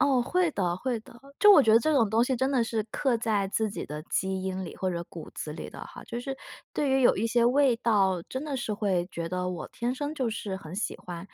哦，会的会的。就我觉得这种东西真的是刻在自己的基因里或者骨子里的哈。就是对于有一些味道真的是会觉得我天生就是很喜欢。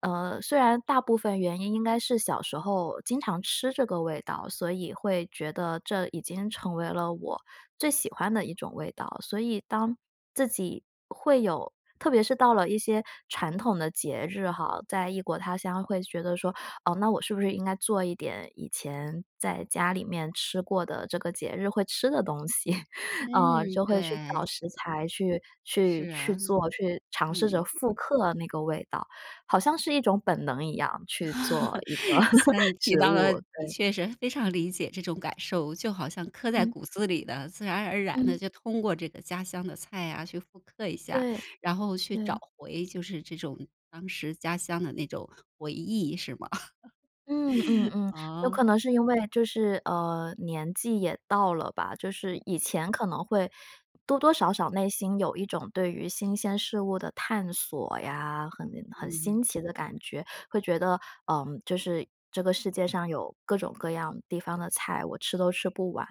嗯，虽然大部分原因应该是小时候经常吃这个味道，所以会觉得这已经成为了我最喜欢的一种味道，所以当自己会有特别是到了一些传统的节日哈，在异国他乡会觉得说，哦，那我是不是应该做一点以前在家里面吃过的这个节日会吃的东西，嗯，嗯，就会去对。找食材去去是去啊，做，去尝试着嗯。复刻那个味道，好像是一种本能一样去做一个 像你提食到了，物，你对。确实非常理解这种感受，就好像刻在嗯。骨子里的，自然而然地嗯。就通过这个家乡的菜啊，去复刻一下，对，然后去对。找回就是这种当时家乡的那种回忆是吗？嗯嗯 嗯，有哦。可能是因为就是，呃，年纪也到了吧。就是嗯。以前可能会多多少少内心有一种对于新鲜事物的探索呀，很很嗯哼。新奇的感觉。会觉得，嗯，就是这个世界上有各种各样地方的菜，我吃都吃不完，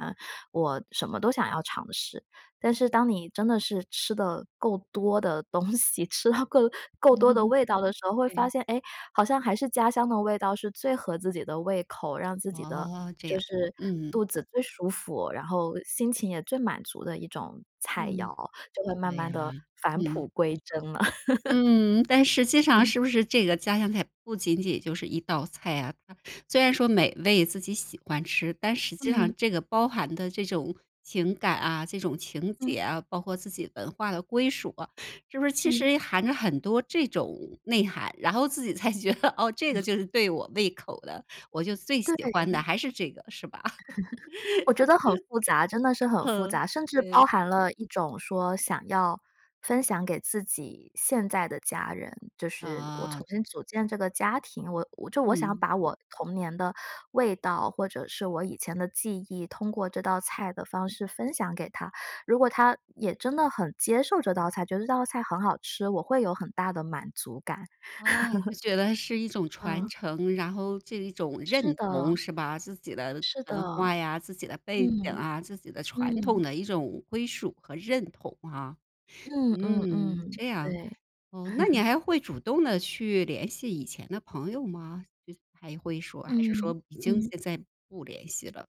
我什么都想要尝试，但是当你真的是吃的够多的东西，吃到够够多的 味道的时候，会发对。现，诶，好像还是家乡的味道是最合自己的胃口，让自己的哦，这就样，是嗯。肚子最舒服，然后心情也最满足的一种菜嗯。肴，就会慢对慢呀。地返嗯。璞归真了。嗯，但实 际上嗯。是不是这个家乡菜不仅仅就是一道菜啊。它虽然说美味自己喜欢吃，但实际嗯。上这个包含的这种情感啊、这种情嗯。结啊，包括自己文化的归属啊，是不是其嗯。实含着很多这种内涵，然后自己才觉得，哦，这个 就是对我胃口的，我就最喜欢的对。还是这个是吧？我觉得很复杂，真的是很复嗯，杂，甚至包对。含了一种说想要分享给自己现在的家人，就是我重哦。新组建这个家庭，我就我想嗯。把我童年的味道，或者是我以前的记忆，通过这道菜的方式分享给他。如果他也真的很接受这道菜，觉得这道菜很好吃，我会有很大的满足感。啊，就 觉得是一种传嗯。承，然后这一种是认的。同是吧。自己的是的。文化呀、自己的背景嗯。啊、自己的传统嗯。的一种归属和认同啊，嗯嗯嗯，嗯，这样。对。哦，那你 还会主动的去联系以前的朋友吗？还会说还是嗯说已经嗯。现在不联系了？